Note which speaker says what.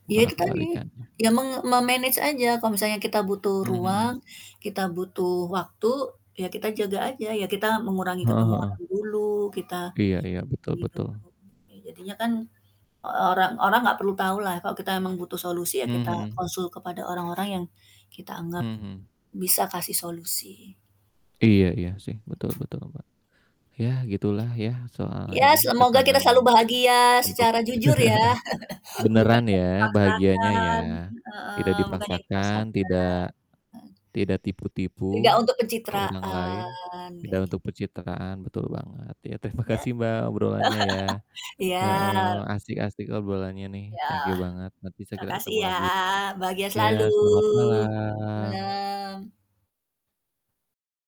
Speaker 1: Iya
Speaker 2: Malah
Speaker 1: itu tadi,
Speaker 2: kebalikannya.
Speaker 1: ya menge me-manage aja kalau misalnya kita butuh
Speaker 2: Mhm
Speaker 1: ruang,
Speaker 2: mhm.
Speaker 1: kita butuh waktu, ya kita jaga aja, ya kita mengurangi ketemuan
Speaker 2: Heeh-heeh.
Speaker 1: dulu, kita
Speaker 2: Iya iya, betul
Speaker 1: hidup
Speaker 2: betul.
Speaker 1: dulu jadinya kan orang orang nggak perlu tahu lah kalau kita memang butuh solusi ya
Speaker 2: Mmm,
Speaker 1: kita
Speaker 2: mhm.
Speaker 1: konsul kepada orang-orang yang kita anggap
Speaker 2: Mhm.
Speaker 1: bisa kasih solusi,
Speaker 2: Iya
Speaker 1: gitu.
Speaker 2: iya sih betul betul loh, Mbak, ya gitulah ya soal
Speaker 1: Iya
Speaker 2: ini
Speaker 1: semoga kita
Speaker 2: tekanan
Speaker 1: selalu bahagia
Speaker 2: untuk
Speaker 1: secara jujur ya, bukan
Speaker 2: beneran
Speaker 1: yang
Speaker 2: ya bahagianya ya,
Speaker 1: dipaksakan
Speaker 2: tidak
Speaker 1: heeh, bukan yang
Speaker 2: dipaksakan,
Speaker 1: dipaksakan,
Speaker 2: tidak
Speaker 1: mhm.
Speaker 2: tidak tipu-tipu
Speaker 1: Tidak untuk
Speaker 2: ke orang lain,
Speaker 1: pencitraan,
Speaker 2: tidak
Speaker 1: kayak git
Speaker 2: untuk pencitraan betul banget ya terima
Speaker 1: Ya?
Speaker 2: kasih, Mbak, obrolannya ya, heeh,
Speaker 1: Iya.
Speaker 2: asik-asik ngobrolannya nih
Speaker 1: Ya,
Speaker 2: thank you banget, nanti segera
Speaker 1: makasih
Speaker 2: ketemu
Speaker 1: ya.
Speaker 2: lagi,
Speaker 1: Bahagia selalu,
Speaker 2: ya selamat malam.
Speaker 1: malem.